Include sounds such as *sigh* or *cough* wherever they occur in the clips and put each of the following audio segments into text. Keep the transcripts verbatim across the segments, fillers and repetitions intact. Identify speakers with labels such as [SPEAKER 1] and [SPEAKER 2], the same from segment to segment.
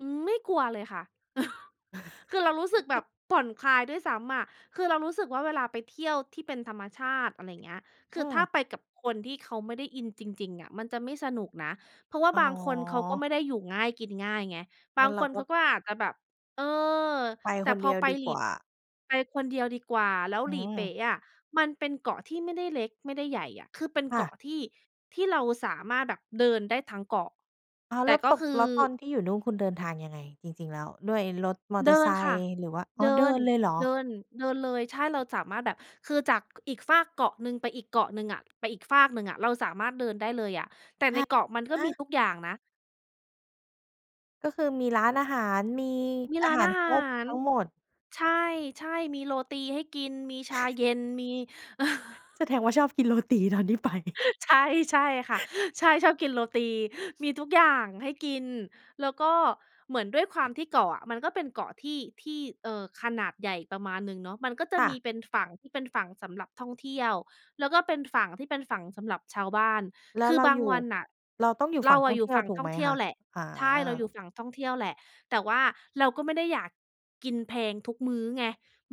[SPEAKER 1] อืม ไม่กลัวเลยค่ะ *chuckles* คือเรารู้สึกแบบ
[SPEAKER 2] *laughs*
[SPEAKER 1] ผ่อนคลายด้วยซ้ำอะ คือเรารู้สึกว่า เวลาไปเที่ยวที่เป็นธรรมชาติ อะไรอย่างเงี้ย ค
[SPEAKER 2] อื
[SPEAKER 1] ือถ้า
[SPEAKER 2] อ
[SPEAKER 1] ไปกับคนที่เขาไม่ได้อินจริง ๆ อะมันจะไม่สนุกนะ เพราะว่า
[SPEAKER 2] อ๋อ
[SPEAKER 1] บางคนเขาก็ไม่ได้อยู่ง่ายกินง่ายไง บ
[SPEAKER 2] ง
[SPEAKER 1] า
[SPEAKER 2] ั้
[SPEAKER 1] ง
[SPEAKER 2] นเร
[SPEAKER 1] ค
[SPEAKER 2] า
[SPEAKER 1] น
[SPEAKER 2] ก็
[SPEAKER 1] เขาก็อาจจะแบบ เออ
[SPEAKER 2] ไป
[SPEAKER 1] แต่
[SPEAKER 2] คน
[SPEAKER 1] พ
[SPEAKER 2] เด
[SPEAKER 1] อ
[SPEAKER 2] ียว
[SPEAKER 1] ไป
[SPEAKER 2] ดี
[SPEAKER 1] หลี
[SPEAKER 2] กว่า
[SPEAKER 1] ไปคนเดียวดีกว่า แล้ว
[SPEAKER 2] อื
[SPEAKER 1] หลีเป
[SPEAKER 2] ม
[SPEAKER 1] ๊ะอะมันเป็นเกาะที่ไม่ได้เล็ก ไม่ได้ใหญ่อะ คือเป็น
[SPEAKER 2] ค
[SPEAKER 1] เก
[SPEAKER 2] ่ะ
[SPEAKER 1] าะที่ ที่เราสามารถแบบเดินได้ทั้งเกาะ
[SPEAKER 2] อ้าว
[SPEAKER 1] แต
[SPEAKER 2] แล้
[SPEAKER 1] ่
[SPEAKER 2] ว
[SPEAKER 1] ก็
[SPEAKER 2] ตก
[SPEAKER 1] คือ
[SPEAKER 2] แล้วตอนที่อยู่นู่นคุณเดินทางยังไง? จริง ๆ แล้ว ด้วยรถมอเต
[SPEAKER 1] เ
[SPEAKER 2] อ
[SPEAKER 1] ด
[SPEAKER 2] ร์
[SPEAKER 1] ิ
[SPEAKER 2] ไซ
[SPEAKER 1] นค่
[SPEAKER 2] ค
[SPEAKER 1] ะ
[SPEAKER 2] ์? หรือว่า อ๋อ
[SPEAKER 1] เด
[SPEAKER 2] เด
[SPEAKER 1] ิ
[SPEAKER 2] ิ
[SPEAKER 1] น
[SPEAKER 2] นเลยเหรอ?
[SPEAKER 1] เดิน เดินเลย ใช่ เราสามารถแบบ คือจาก ก อีกฟากเกาะหนึ่งไปอีกเกาะหนึ่งอะ ไปอีกฟากหนึ่งอะ เราสามารถเดินได้เลยอะ แต่
[SPEAKER 2] ฮ
[SPEAKER 1] ในเกาะมันก
[SPEAKER 2] ฮ
[SPEAKER 1] ็มี
[SPEAKER 2] ะ?
[SPEAKER 1] ทุกอย่างนะ
[SPEAKER 2] ก็คือมีร้านอาหาร มี
[SPEAKER 1] มี
[SPEAKER 2] อา
[SPEAKER 1] ร้า
[SPEAKER 2] ห
[SPEAKER 1] น
[SPEAKER 2] าร
[SPEAKER 1] อา
[SPEAKER 2] ค
[SPEAKER 1] ห
[SPEAKER 2] รบ
[SPEAKER 1] าร
[SPEAKER 2] ทั้งหมด
[SPEAKER 1] ใช่ ๆ มีโรตีให้กิน มีชา
[SPEAKER 2] *chuckles*
[SPEAKER 1] เย็น มี *chuckles*
[SPEAKER 2] แสดงว่าชอบกินโรตีตอนที่ไป
[SPEAKER 1] ใช่ ใช่ค่ะ ใช่ ชอบกินโรตี มีทุกอย่างให้กิน แล้วก็เหมือนด้วยความที่เกาะอะมันก็เป็นเกาะที่ ที่ เอ่อ ขนาดใหญ่ประมาณหนึ่งเนาะ มันก็จะ
[SPEAKER 2] ค่
[SPEAKER 1] ม
[SPEAKER 2] ะ
[SPEAKER 1] ีเป็นฝั่งที่เป็นฝั่งสำหรับท่องเที่ยว แล้วก็เป็นฝั่งที่เป็นฝั่งสำหรับชาวบ้าน
[SPEAKER 2] แล
[SPEAKER 1] ค
[SPEAKER 2] ้ว
[SPEAKER 1] ื
[SPEAKER 2] เ
[SPEAKER 1] อ
[SPEAKER 2] รา
[SPEAKER 1] บา
[SPEAKER 2] อ
[SPEAKER 1] ง
[SPEAKER 2] ยู่
[SPEAKER 1] วันน่ะ
[SPEAKER 2] เราต้องอยู่
[SPEAKER 1] เร
[SPEAKER 2] ฝั่
[SPEAKER 1] า
[SPEAKER 2] งท
[SPEAKER 1] อ
[SPEAKER 2] ่
[SPEAKER 1] ะ
[SPEAKER 2] อง
[SPEAKER 1] อย
[SPEAKER 2] เ
[SPEAKER 1] ู
[SPEAKER 2] ท
[SPEAKER 1] ่
[SPEAKER 2] ี่ย
[SPEAKER 1] ฝ
[SPEAKER 2] ว
[SPEAKER 1] ั่ง
[SPEAKER 2] ถู
[SPEAKER 1] ท
[SPEAKER 2] ก
[SPEAKER 1] ่
[SPEAKER 2] ไ
[SPEAKER 1] อ
[SPEAKER 2] หม
[SPEAKER 1] งเที่
[SPEAKER 2] ค
[SPEAKER 1] ยว
[SPEAKER 2] ะ?
[SPEAKER 1] แหละ
[SPEAKER 2] อ๋
[SPEAKER 1] ใช่ เราอย
[SPEAKER 2] อ
[SPEAKER 1] ู่ฝั่งท่องเที่ยวแหละ แต่ว่าเราก็ไม่ได้อยากกินแพงทุกมื้อไง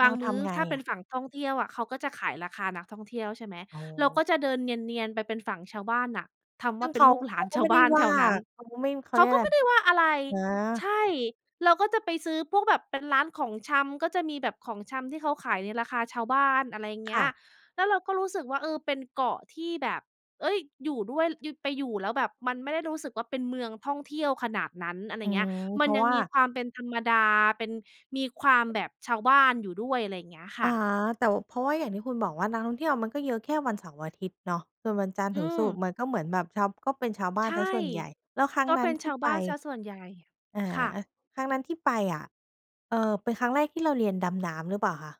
[SPEAKER 1] บ
[SPEAKER 2] เร
[SPEAKER 1] า
[SPEAKER 2] า
[SPEAKER 1] งม
[SPEAKER 2] ท
[SPEAKER 1] ื้อ
[SPEAKER 2] ำไง
[SPEAKER 1] ถ้าเป
[SPEAKER 2] อ
[SPEAKER 1] ็น
[SPEAKER 2] ะ?
[SPEAKER 1] ฝั่งท่องเที่ยวอะเขาก็จะขายราคานักท่องเที่ยว ใช่ไหม
[SPEAKER 2] อ๋
[SPEAKER 1] เราก
[SPEAKER 2] อ
[SPEAKER 1] ็จะเดินเนียน ๆ ไปเป็นฝั่งชาวบ้านน่ะ ทำ
[SPEAKER 2] ซ
[SPEAKER 1] ว
[SPEAKER 2] ึ
[SPEAKER 1] ่
[SPEAKER 2] ่
[SPEAKER 1] า
[SPEAKER 2] ง
[SPEAKER 1] เป
[SPEAKER 2] เ
[SPEAKER 1] ็
[SPEAKER 2] ข
[SPEAKER 1] น
[SPEAKER 2] า
[SPEAKER 1] ลูก หล
[SPEAKER 2] เข
[SPEAKER 1] า
[SPEAKER 2] า
[SPEAKER 1] น
[SPEAKER 2] ก็
[SPEAKER 1] ช
[SPEAKER 2] ไ
[SPEAKER 1] า
[SPEAKER 2] ม่
[SPEAKER 1] ว
[SPEAKER 2] ไ
[SPEAKER 1] บ
[SPEAKER 2] ด้
[SPEAKER 1] ้าน
[SPEAKER 2] ว
[SPEAKER 1] แถ
[SPEAKER 2] ่า
[SPEAKER 1] วนั้น
[SPEAKER 2] เขาก็ไม่ เขา
[SPEAKER 1] เข
[SPEAKER 2] เ
[SPEAKER 1] า
[SPEAKER 2] รียก
[SPEAKER 1] ก
[SPEAKER 2] อ
[SPEAKER 1] ็
[SPEAKER 2] ะไร
[SPEAKER 1] ไม่ได้ว่าอะไร
[SPEAKER 2] อ
[SPEAKER 1] ใ
[SPEAKER 2] า
[SPEAKER 1] ช่ เราก็จะไปซื้อพวกแบบเป็นร้านของชำ ก็จะมีแบบของชำที่เขาขายในราคาชาวบ้าน อะไร
[SPEAKER 2] ค
[SPEAKER 1] เงี
[SPEAKER 2] ่
[SPEAKER 1] ้
[SPEAKER 2] ะ
[SPEAKER 1] ย แล้วเราก็รู้สึกว่า เออ เป็นเกาะที่แบบ เอ๊ย! อยู่ด้วย อยู่ ไปอยู่แล้วแบบมันไม่ได้รู้สึกว่า เป็นเมืองท่องเที่ยวขนาดนั้น อะไร
[SPEAKER 2] อื
[SPEAKER 1] เงี้
[SPEAKER 2] ม
[SPEAKER 1] ย
[SPEAKER 2] เ
[SPEAKER 1] ม
[SPEAKER 2] พ
[SPEAKER 1] ั
[SPEAKER 2] ร
[SPEAKER 1] น
[SPEAKER 2] าะ
[SPEAKER 1] ยั
[SPEAKER 2] ว
[SPEAKER 1] ง
[SPEAKER 2] ่า
[SPEAKER 1] มีความเป็นธรรมดา เป็น มีความแบบชาวบ้านอยู่ด้วย อะไรอย่างเงี้ยค
[SPEAKER 2] อา
[SPEAKER 1] ่ะ
[SPEAKER 2] แต่ว เพราะว่าอย่างที่คุณบอกว่านักท่องเที่ยวมันก็เยอะแค่วันเสาร์อาทิตย์เนาะ ส่วนวันจันทร์
[SPEAKER 1] อ
[SPEAKER 2] ถ
[SPEAKER 1] ื
[SPEAKER 2] ึงศุ
[SPEAKER 1] ม
[SPEAKER 2] กร์มันก็เหมือนแบบชาว ก็เป็นชาวบ้า
[SPEAKER 1] ใช
[SPEAKER 2] นเ
[SPEAKER 1] ่
[SPEAKER 2] สียส่วนใหญ่ แล้วครั้ง
[SPEAKER 1] ก็
[SPEAKER 2] นั
[SPEAKER 1] เ
[SPEAKER 2] ้
[SPEAKER 1] ป
[SPEAKER 2] น
[SPEAKER 1] ็น
[SPEAKER 2] ท
[SPEAKER 1] ช
[SPEAKER 2] ี่
[SPEAKER 1] าว
[SPEAKER 2] ไป
[SPEAKER 1] บ้านเสียส่วนใหญ่
[SPEAKER 2] อา
[SPEAKER 1] ค่ะ
[SPEAKER 2] ครั้งนั้นที่ไปอะ เอ่อ เป็นครั้งแรกที่เราเรียนดำน้ำหรือเปล่าคะ?